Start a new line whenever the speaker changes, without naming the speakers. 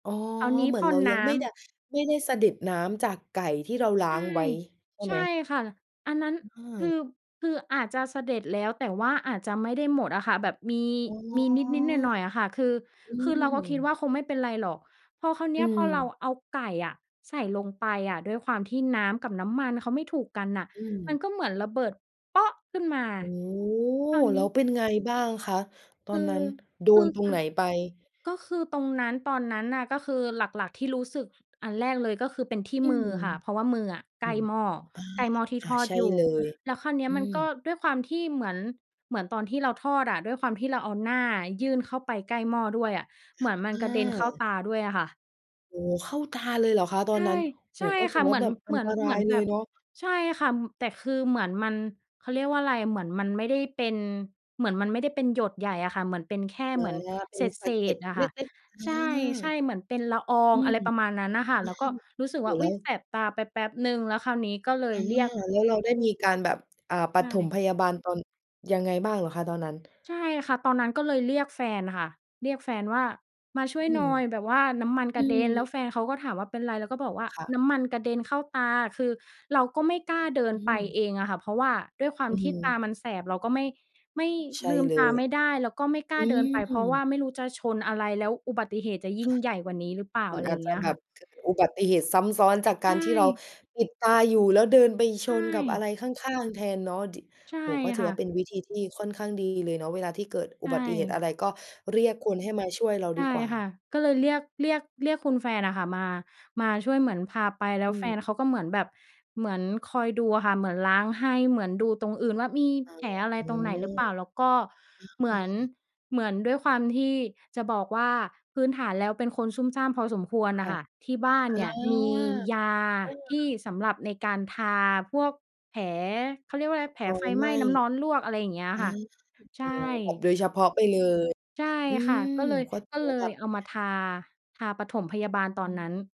อ๋อ
ตอนนี้
เหมือ
พ
น
่
เร
น
าย
น
ัง
้
ไม
ำ
่ได้ ไม่ได้สะเด็ดน้ำจากไก่ที่เราล้
ใ
า
ช่
งไว้ใช่
ใช
ไห
่
ม?
ค่ะ อันนั้น
เ
คือ
ออ
คืออาจจะสะเด็ดแล้ว แต่ว่าอาจจะไม่ได้หมดอะค่ะ แบบมี
อ๋อ
มีนิด ๆ หน่อย ๆ อะค่ะ คือ
อื
คือเราก็คิดว
ม
่าคงไม่เป็นไรหรอก พอคราวเน
อ
ี
ื
้ย พอเรา
ม
เอาไก่อะใส่ลงไปอะ ด้วยความที่น้ำกับน้ำมันเขาไม่ถูกกันน่ะ
อื
ม
ม
ันก็เหมือนระเบิดขึ้นมา
โอ้โฮ
ตอน
แ
น
ล้
ี
ว
้
เป็นไงบ้างคะ ตอ
ค
น
ื
นั
อ
้นโด
คื
น
อ
ตรง
อ
ไหนไป?
ก็คือตรงนั้น ตอนนั้นน่ะ ก็คือหลัก ๆ ที่รู้สึกอันแรกเลยก็คือเป็นที่
อื
มือ
อ
ค่ะ เพราะว่ามืออะใ
โอ
ก
้
ล้
โฮ
หม้อ ใกล้หม้อที่
อา อา
ทอด
ใช่
อยู่
เลย
แล้วคราวเนี้
อ
ย
ื
มันก็
ม
ด้วยความที่เหมือน เหมือนตอนที่เราทอดอะ ด้วยความที่เราเอาหน้ายื่นเข้าไปใกล้หม้อด้วยอะ เหมือนมันกระเด็นเ
อ
ข้า
า
ตาด้วยอะค่ะ
โอ้โฮ เข้าตาเลยเหรอคะ? ตอ
ใช
นนั
่
้น โอ
ใช
้
่
โฮ ก็ถ
ค
ื
่
อ
ะ
ว
เห
่า
มือ
แบ
น
บอ
เ
ั
หม
น
ือ
ต
น
ร
เ
า
หมื
ย
อน
เล
แบ
ย
บ
เนาะ
ใช่ค่ะ แต่คือเหมือนมัน เขาเรียกว่าอะไร เหมือนมันไม่ได้เป็น เหมือนมันไม่ได้เป็นหยดใหญ่อะค่ะ เหมือนเป็นแค่
อ
เ
า
หมือน
เป็
เ
นส
ศ
ะเก็
ษ
ด
ๆ อะ
เล
ค่ะ
็ก ๆ อา
ใช่ ๆ เหมือนเป็นละออ
อื
ง อะไ
ม
รประม
อ
าณนั้นน่ะค่ะ
ื
แล้วก็
ม
รู้สึก
โอ้โฮ
ว่า อ
แล
ุ
้
๊ย
ว
แสบตาไปแป๊ปหนึ่ง แล้วคราวนี้ก็เล
อา
ยเรียก
แล้วเราได้มีการแบบ อ่า ป
ใช
ฐม
่
พยาบาลตอน ยังไงบ้างเหรอคะตอนนั้น?
ใช่ค่ะ ตอนนั้นก็เลยเรียกแฟนค่ะ เรียกแฟนว่า "มาช่ว
อ
ย
ื
หน่
ม
อย แบบว่าน้ำมัน
อื
กระเด็น" แล
ม
้วแฟนเขาก็ถามว่า "เป็นอะไร?" แล้วก็บอกว่า
ค่ะ
"น้ำมันกระเด็นเข้าตา" คือเราก็ไม่กล้าเดิ
อ
นไป
ืม
เองอะค่ะ เพราะว่าด้วยควา
อ
ม
ือ
ท
ฮ
ี่ต
ึ
ามันแสบ เราก็ไม่ ไม่
ใช่
ลืม
เล
ตา
ย
ไม่ได้ แล้วก็ไม่กล
อ
้
ื
าเดินไป เพราะว่า
ม
ไม่รู้จะชนอะไร แล้วอุบัติเหตุจะยิ่งใหญ่กว่านี้หรือเปล่า?
มั
อ
น
ะไร
อ
อย
าจ
่างเ
จ
ง
ะ
ี้ย
แบ
ค่
บ
ะ
เกิดอุบัติเหตุซ้ำซ้อนจาก
ใ
ก
ช
ารที่เรา
่
ปิดดตาอยู่ แล้วเดินไป
ใ
ช
ช
นกับอะ
่
ไรข้าง ๆ แทนเนาะ ดิ
ใช่
โอ้โฮ ก็ถื
ค
อ
่
ว่าเป
ะ
็นวิธีที่ค่อนข้างดีเลยเนาะ เวลาที่เกิด
ใ
อ
ช
ุบัติเหตุอะ
่
ไรก็เรียกคนให้มาช่วยเรา
ใช
ด
่
ีกว่
ค่ะ
า
ก็เลยเรียก เรียก เรียกคุณแฟนอะค่ะมา มาช่วย เหมือนพาไป แล้
อื
วแฟ
ม
นเขาก็เหมือนแบบ เหมือนคอยดูอะค่ะ เหมือนล้างให้ เหมือนดูตรงอื่นว่ามี
อา
แผล
อา
อะไร
อ
ตรงไหนหรือเปล่า แล้วก็เหมื
ื
อน
ม
เหมือน ด้วยความที่ จะบอกว่าพื้นฐานแล้วเป็นคนซุ่มซ่ามพอสมควร
ค
อ
่
ะ
ะ
ค่ะ ที่บ้าน
อา
เนี่ยมียา
เออ
ที่สำหรับในการทาพวกแผล เขาเรียกว่าอะไร แผล
รอ
ไฟ
ยไ
ไห
ห
ม
ม
้
้
น้ำร้อนลวก อะไรอย่างเงี้ย
อา
ค่ะ ใ
โ
ช
อ
่
้โฮ แบบโดยเฉพาะไปเลย
ใช่
อื
ค่ะ
ม
ก็เลย
ก็ถื
ก็
อ
เ
ว
ล
่าแบ
ย
บ
เอามาทา ทาปฐมพยาบาลตอ
อ
นนั้น
ืม